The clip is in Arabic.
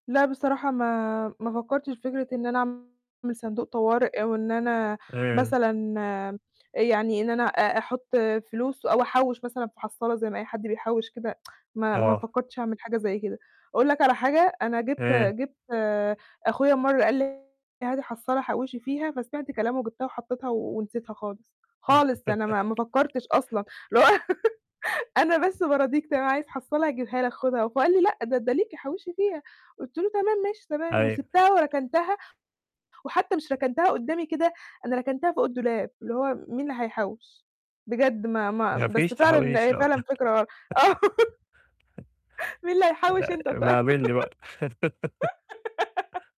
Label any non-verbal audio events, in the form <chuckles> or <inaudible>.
لا بصراحة ما ما فكرتش في فكرة إن أنا أعمل صندوق طوارئ أو إن أنا مثلًا آآ، يعني إن أنا أ أحط فلوس أو أحوّش مثلًا في حصالة زي ما أي حد بيحوِّش كده. <tsk> ما ما آه. فكرتش أعمل حاجة زي كده. أقول لك على حاجة، أنا جِبت إيه. جِبت أخويا مرة قال لي: "هاتي حصّالة حوِّشي فيها." فسمعت كلامه جِبتها وحطيتها ونسيتها خالص، خالص، أنا ما ما فكرتش <laughs> أصلًا. اللي هو <laughs> أنا بس باراضيك تمام عايز حصّالة هاجيبها لك، خدها. فهو قال لي: "لأ، ده ده ليكِ حوِّشي فيها."، قلت له: "تمام، ماشي، تمام."، أيوة. وسِبتها وركنتها، وحتى مش ركنتها قدَّامي كده، أنا ركنتها فوق الدولاب، اللي هو مين اللي هيحوِّش؟ بجد ما ما ما فيش بس فعلًا تحويش هي آه. فعلًا فكرة غل آه، <laughs> مين اللي هيحوِّش؟ <chuckles> أنت ط ابقى قابلني بقى. <laughs> <giggles>